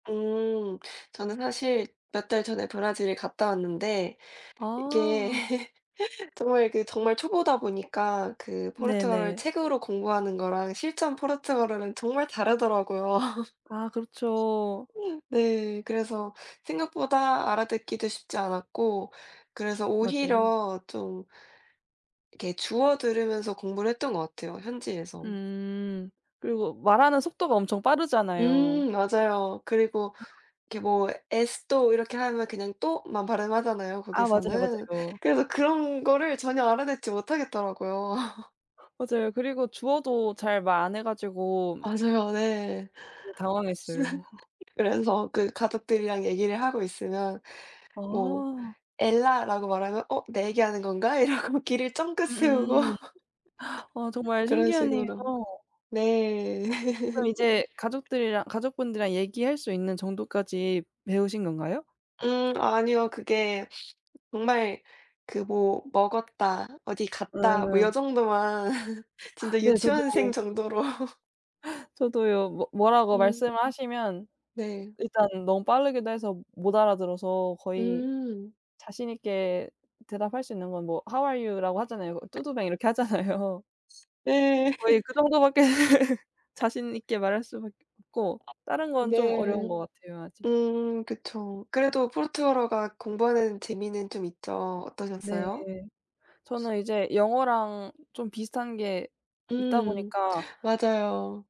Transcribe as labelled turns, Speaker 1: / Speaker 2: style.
Speaker 1: 음 저는 사실 몇 달 전에 브라질을 갔다 왔는데 이게
Speaker 2: 아.
Speaker 1: 정말 그 정말 초보다 보니까 그 포르투갈어를
Speaker 2: 네네.
Speaker 1: 책으로 공부하는 거랑 실전 포르투갈어는 정말 다르더라고요.
Speaker 2: 아 그렇죠.
Speaker 1: 네 그래서 생각보다 알아듣기도 쉽지 않았고 그래서
Speaker 2: 맞아요.
Speaker 1: 오히려 좀 이렇게 주워들으면서 공부를 했던 것 같아요 현지에서.
Speaker 2: 음. 그리고 말하는 속도가 엄청 빠르잖아요.
Speaker 1: 음 맞아요. 그리고 이렇게 뭐 esto 이렇게 하면 그냥 to 만 발음하잖아요
Speaker 2: 아 맞아요,
Speaker 1: 거기서는.
Speaker 2: 맞아요.
Speaker 1: 그래서 그런 거를 전혀 알아듣지 못하겠더라고요.
Speaker 2: 맞아요. 그리고 주어도 잘 말 안 해 가지고
Speaker 1: 맞아요 네.
Speaker 2: 네 당황했어요.
Speaker 1: 그래서 그 가족들이랑 얘기를 하고 있으면 뭐
Speaker 2: 어.
Speaker 1: "엘라"라고 말하면 '어 내 얘기 하는 건가.' 이러고 귀를 쫑긋 세우고
Speaker 2: 음음. 어 정말
Speaker 1: 그런
Speaker 2: 신기하네요.
Speaker 1: 식으로. 네.
Speaker 2: 그럼 이제 가족들이랑 가족분들이랑 얘기할 수 있는 정도까지 배우신 건가요?
Speaker 1: 음 아니요. 그게 정말 그 뭐 먹었다 어디 갔다 뭐 요
Speaker 2: 음.
Speaker 1: 정도만 진짜
Speaker 2: 네 저도
Speaker 1: 유치원생
Speaker 2: 그 정도
Speaker 1: 정도로
Speaker 2: 저도요. 뭐 뭐라고
Speaker 1: 음.
Speaker 2: 말씀을 하시면
Speaker 1: 네.
Speaker 2: 일단 너무 빠르기도 해서 못 알아들어서 거의
Speaker 1: 음.
Speaker 2: 자신 있게 대답할 수 있는 건 뭐 "How are you? "라고 하잖아요. "Tudo bem?" 이렇게 하잖아요.
Speaker 1: 네.
Speaker 2: 거의 그 정도 밖에 자신 있게 말할 수밖에 없고 다른 건 좀 어려운
Speaker 1: 네.
Speaker 2: 것 같아요 아직.
Speaker 1: 음 그쵸. 그래도 포르투갈어가 공부하는 재미는 좀 있죠.
Speaker 2: 네.
Speaker 1: 어떠셨어요?
Speaker 2: 저는 이제 영어랑 좀 비슷한 게 있다
Speaker 1: 음
Speaker 2: 보니까
Speaker 1: 맞아요.